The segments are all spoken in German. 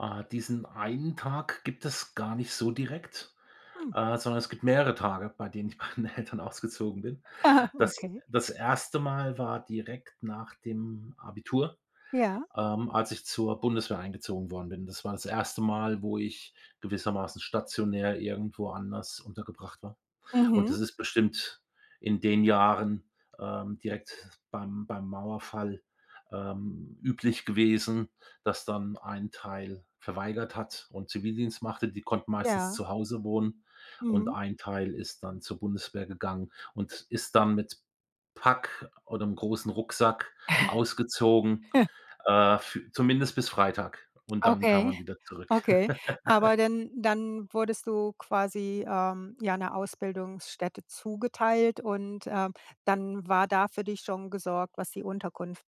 Ah, diesen einen Tag gibt es gar nicht so direkt, Hm. äh, sondern es gibt mehrere Tage, bei denen ich bei meinen Eltern ausgezogen bin. Aha, Das okay. das 1. Mal war direkt nach dem Abitur, Ja. ähm, als ich zur Bundeswehr eingezogen worden bin. Das war das 1. Mal, wo ich gewissermaßen stationär irgendwo anders untergebracht war und Mhm. es ist bestimmt in den Jahren, ähm, direkt beim beim Mauerfall, ähm, üblich gewesen, dass dann ein Teil verweigert hat und Zivildienst machte. Die konnten meistens Ja. zu Hause wohnen und Mhm. ein Teil ist dann zur Bundeswehr gegangen und ist dann mit Pack oder 'nem großen Rucksack ausgezogen, äh, fü zumindest bis Freitag und dann kam Okay. man wieder zurück. Okay. Aber denn dann wurdest du quasi, ähm, ja 'ne Ausbildungsstätte zugeteilt und, ähm, dann war da für dich schon gesorgt, was die Unterkunft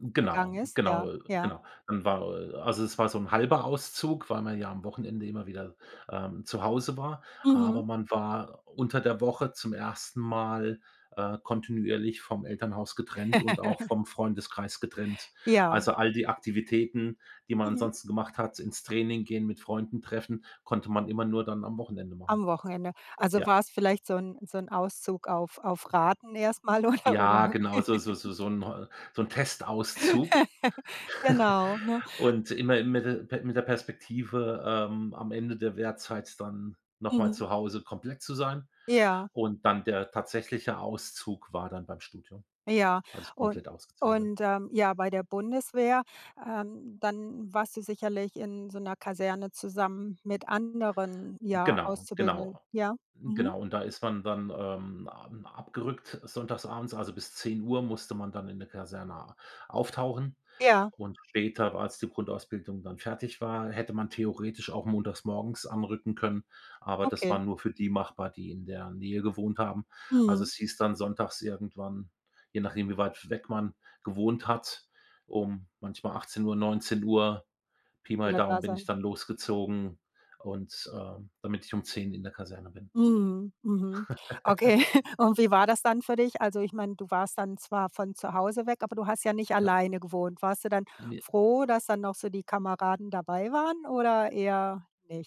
Hm, genau, ist? genau, Ja, äh, ja. genau. Dann war, äh also es war so 'n 1/2 Auszug, weil man ja am Wochenende immer wieder, ähm, zu Hause war. Mhm. Aber man war unter der Woche zum 1. Mal, äh, kontinuierlich vom Elternhaus getrennt und auch vom Freundeskreis getrennt. Ja. Also, all die Aktivitäten, die man Mhm. ansonsten gemacht hat, ins Training gehen, mit Freunden treffen, konnte man immer nur dann am Wochenende machen. Am Wochenende. Also Ja. war's vielleicht so 'n so 'n Auszug auf auf Raten erst mal oder oder? Ja, genau, so so so so 'n heu so 'n Testauszug Genau, ne? und immer im Mittel pe mit der Perspektive, ähm, am Ende der Wehrzeit dann noch mal Mhm. zu Hause komplett zu sein Ja. und dann der tatsächliche Auszug war dann beim Studium, Ja, als ich un komplett ausgezogen bin. und, ähm, ja, bei der Bundeswehr ähm, dann warst du sicherlich in so 'ner Kaserne zusammen mit anderen, ja, Genau, Auszubildenden genau, ja. Mhm. genau, und da ist man dann, ähm, am abgerückt sonntags abends, also bis 10:00 musste man dann in der Kaserne a auftauchen Ja. und später, war als die Grundausbildung dann fertig war, hätte man theoretisch auch montagmorgens anrücken können, aber das war Okay. nur für die machbar, die in der Nähe gewohnt haben. Also Mhm. es hieß dann sonntags irgendwann, je nachdem, wie weit weg man gewohnt hat, um manchmal 18:00, 19:00, Pi mal Wieder Daumen da bin ich sein. dann losgezogen und, ähm, damit ich um 10:00 in der Kaserne bin. Mhm. Mhm. Okay, und wie war das dann für dich? Also ich meine, du warst dann zwar von zu Hause weg, aber du hast ja nicht Ja. alleine gewohnt. Warst du dann Me froh, dass dann noch so die Kameraden dabei waren oder eher nicht?